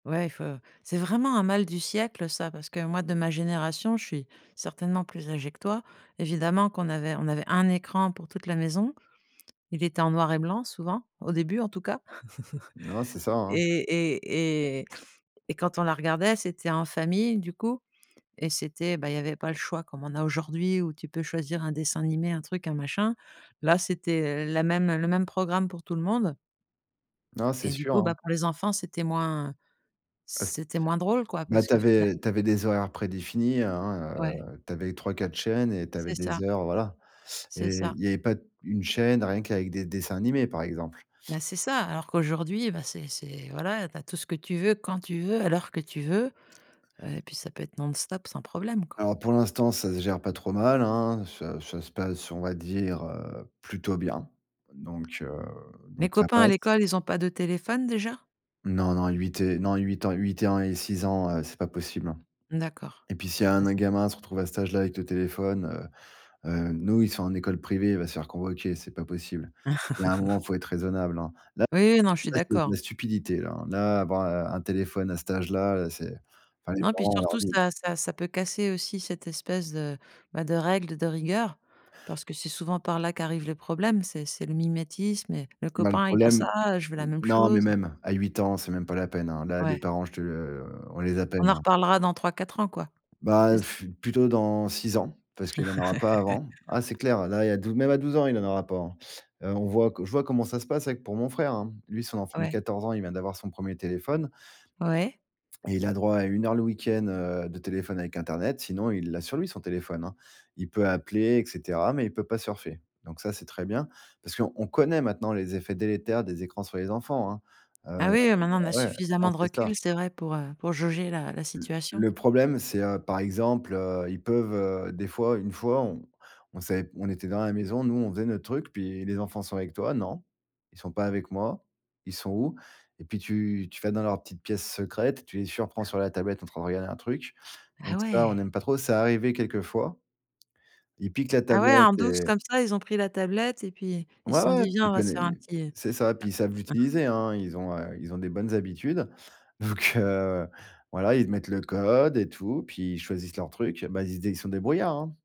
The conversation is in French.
Ouais il faut c'est vraiment un mal du siècle ça, parce que, moi, de ma génération, je suis certainement plus âgée que toi. Évidemment qu'on avait on avait 1 écran pour toute la maison. Il était en noir et blanc souvent, au début, en tout cas Non, c'est ça, et hein. et et et quand on la regardait, c'était en famille, du coup et c'était, bah, il y avait pas le choix comme on a aujourd'hui où tu peux choisir un dessin animé, un truc, un machin. Là, c'était la même, heu, le même programme pour tout le monde. Non, c'est Et du sûr, coup, hein. bah, pour les enfants, c'était moins Ah c c'était moins drôle, quoi bah, parce tu que avais finalem tu avais des horaires prédéfinis, hein, Ouais. heu, tu avais 3-4 chaînes et tu avais C'est ça. des heures, voilà et C'est ça. il y avait pas d 1 chaîne, rien qu'avec des dessins animés, par exemple. Bah, c'est ça, alors qu'aujourd'hui, bah, c'est c'est voilà, tu as tout ce que tu veux, quand tu veux, à l'heure que tu veux. Heu et puis ça peut être non-stop, sans problème, quoi. Alors pour l'instant, ça se gère pas trop mal, hein. Ça ça se passe, on va dire, heu, plutôt bien. Donc, heu, Mes donc ça copains à passe. l'école, ils ont pas de téléphone, déjà? Non, non, 8 et non 8 ans et 8 et ans et 6 ans, heu, c'est pas possible, hein D'accord. et puis, s'il y a un Bah, n un c'est gamin à se retrouver à cet âge-là avec le téléphone, heu, heu, nous, ils sont en école privée, il va se faire convoquer, c'est pas possible. Il y a un moment, faut être raisonnable, hein. Là, Oui, oui, non, je suis là c'est de d'accord. la stupidité, là, hein, là avoir un un téléphone à cet âge-là, heu, c'est enfin, les Non, puis parents, on leur surtout, dit ça ça ça peut casser aussi cette espèce de, bah, de règle, de rigueur, parce que c'est souvent par là qu'arrive le problème, c'est c'est le mimétisme et le Bah, le copain, il a problème, ça, heu, je veux la n même non, mais chose. même, à 8 ans, c'est même pas la peine, hein. Là, Ouais. les parents, je te heu, on les On appelle, en hein. reparlera dans 3-4 ans, quoi. C'est Bah ç plutôt dans 6 ans, parce qu'il en aura pas avant. Ah, c'est clair, là, il y a dou même à 12 ans, il en aura pas, hein. Heu, on voit que je vois comment ça se passe avec pour mon frère, hein. Lui, son enfant de Ouais. 14 ans, il vient d'avoir son premier téléphone Ouais. et il a droit à 1 heure le week-end, heu, de téléphone avec internet. Sinon, il l'a sur lui, son téléphone, hein. Il peut appeler et cetera, mais il peut pas surfer. Donc ça, c'est très bien. Parce qu'on connaît maintenant les effets délétères des écrans sur les enfants, hein. Heu, Ah oui, heu, maintenant on a ouais, non, suffisamment de c'est ça. recul, c'est vrai pour, heu, pour jauger la la L situation. le problème, c'est, heu, par exemple, heu, ils peuvent, heu, des fois une fois, on on savait p on était dans la maison, nous, on faisait notre truc, puis: «Les enfants sont avec toi?», «Non, ils sont pas avec moi, ils sont où?» et puis, tu tu vas dans leur petite pièce secrète, tu les surprends sur la tablette en train de regarder un truc. Donc Ah ça, on ouais. n'aime pas trop. C'est arrivé quelques fois. Ils piquent la Ah ouais, tablette en douce, et comme ça, ils ont pris la tablette et puis ils se Ouais, sont ouais, dit: puis «Viens, on il va se connait faire un et petit» c'est ça. Puis, ils savent l'utiliser, hein. Ils ont, heu, ils ont des bonnes habitudes. Vu que voilà, ils mettent le code et tout. Puis ils choisissent leur truc. Bah, ils se dé ils sont débrouillards, hein.